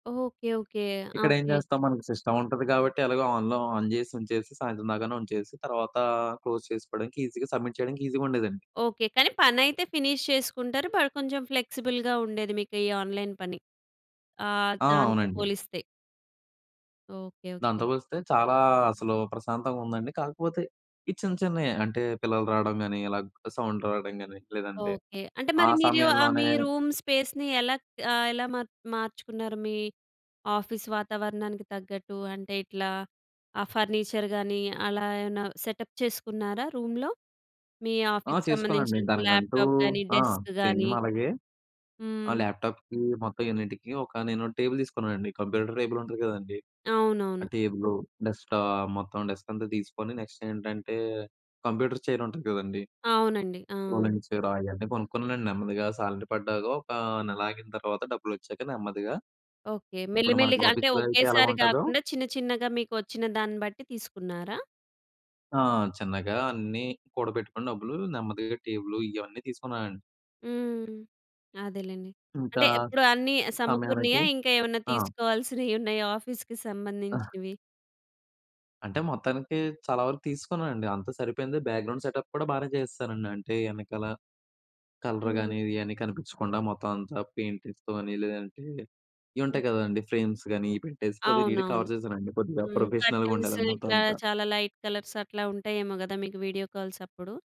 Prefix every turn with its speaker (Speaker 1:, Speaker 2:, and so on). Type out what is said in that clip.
Speaker 1: Okay. Okay. ఆ!
Speaker 2: ఇక్కడ ఏం
Speaker 1: ఓకే.
Speaker 2: చేస్తాం? మనకి సిస్టమ్ ఉంటది కాబట్టి, ఎలాగో ఆన్‌లో ఆన్ చేసి ఉంచేసి, సాయంత్రం దాకానే ఉంచేసి, తర్వాత క్లోజ్ చేసుకోవడానికి ఈజీగా సబ్మిట్ చేయడానికి ఈజీగా ఉండేదండి.
Speaker 1: ఓకే. కానీ పనైతే ఫినిష్ చేసుకుంటారు. బట్, కొంచెం ఫ్లెక్సిబుల్‌గా ఉండేది మీకు ఈ ఆన్‌లైన్ పని. ఆహ్,
Speaker 2: ఆ!
Speaker 1: దాంతో
Speaker 2: అవునండి.
Speaker 1: పోలిస్తే. ఓకే. ఓకే.
Speaker 2: దాంతో పోలిస్తే చాలా అసలు ప్రశాంతంగా ఉందండి. కాకపోతే ఈ చిన్న చిన్నయి అంటే పిల్లలు రావడం గాని, ఇలా సౌండ్ రావడం కాని, లేదంటే
Speaker 1: ఓకే. అంటే
Speaker 2: ఆ
Speaker 1: మరి మీరు మీ
Speaker 2: సమయంలోనే
Speaker 1: రూమ్ స్పేస్‌ని ఎలా ఆహ్, ఎలా మార్ మార్చుకున్నారు? మీ ఆఫీస్ వాతావరణానికి తగ్గట్టు అంటే ఇట్లా ఆ ఫర్నిచర్ గాని అలా ఏమన్నా సెటప్ చేసుకున్నారా రూమ్‌లో? మీ
Speaker 2: ఆ!
Speaker 1: ఆఫీస్‌కి
Speaker 2: చేసుకోనండి.
Speaker 1: సంబంధించినటువంటి
Speaker 2: దానికంటూ
Speaker 1: ల్యాప్‌టాప్ కానీ,
Speaker 2: ఆ!
Speaker 1: డెస్క్
Speaker 2: సేమ్
Speaker 1: కానీ.
Speaker 2: అలాగే ఆ
Speaker 1: హ్మ్.
Speaker 2: ల్యాప్‌టాప్‌కి మొత్తం యూనిట్‌కి ఒక నేను టేబుల్ తీసుకున్నానండి. కంప్యూటర్ టేబుల్ ఉంటుంది కదండీ!
Speaker 1: అవునవును.
Speaker 2: ఆ టేబులు డెస్క్‌టాప్ మొత్తం డెస్క్ అంతా తీసుకొని నెక్స్ట్ ఏంటంటే, కంప్యూటర్ చైర్ ఉంటుంది కదండీ!
Speaker 1: అవునండి. ఆ!
Speaker 2: రోలింగ్ చైరు అయన్నీ కొనుక్కున్నానండి. నెమ్మదిగా శాలరీ పడ్డాక, ఒక నెల ఆగిన తర్వాత డబ్బులు వచ్చాక నెమ్మదిగా,
Speaker 1: ఓకే. మెల్లి
Speaker 2: ఇప్పుడు మనకి
Speaker 1: మెల్లిగంటే
Speaker 2: ఆఫీస్‌లో అయితే
Speaker 1: ఒకేసారి
Speaker 2: ఎలాగుంటదో
Speaker 1: కాకుండా చిన్న చిన్నగా మీకు వచ్చిన దాన్ని బట్టి తీసుకున్నారా?
Speaker 2: ఆ! చిన్నగా అన్నీ కూడబెట్టుకొని డబ్బులు నెమ్మదిగా టేబులు ఇవన్నీ తీసుకున్నానండి.
Speaker 1: హ్మ్. అదేలెండి.
Speaker 2: ఇంకా,
Speaker 1: అంటే ఇప్పుడు అన్నీ
Speaker 2: సమయానికి
Speaker 1: సమకూరినయా ఇంకేమన్నా
Speaker 2: ఆ!
Speaker 1: తీసుకోవాల్సినవున్నాయా? ఆఫీస్‌కి
Speaker 2: ఆహ్!
Speaker 1: సంబంధించినవి.
Speaker 2: అంటే మొత్తానికి చాలా వరకు తీసుకున్నానండి. అంతా సరిపోయింది. బ్యాక్‌గ్రౌండ్ సెటప్ కూడా బాగానే చేసేసానండి. అంటే వెనకాల కలర్‌
Speaker 1: హ్మ్.
Speaker 2: గాని ఇది అని కనిపించకుండా మొత్తం అంతా పెయింటింగ్స్ తోని, లేదంటే ఇవి
Speaker 1: ఓహ్!
Speaker 2: ఉంటాయి కదండీ! ఫ్రేమ్స్ గాని ఇవి పెట్టేసి కొద్దిగా నీట్
Speaker 1: అవునవును.
Speaker 2: కవర్ చేశానండి. కొద్దిగా
Speaker 1: హ్మ్.
Speaker 2: ప్రొఫెషనల్‌గా
Speaker 1: కర్టెన్స్
Speaker 2: ఉండేదండి మొత్తం
Speaker 1: ఇట్లా
Speaker 2: అంతా.
Speaker 1: చాలా లైట్ కలర్స్ అట్లా ఉంటాయేమో కదా! మీకు వీడియో కాల్స్ అప్పుడు.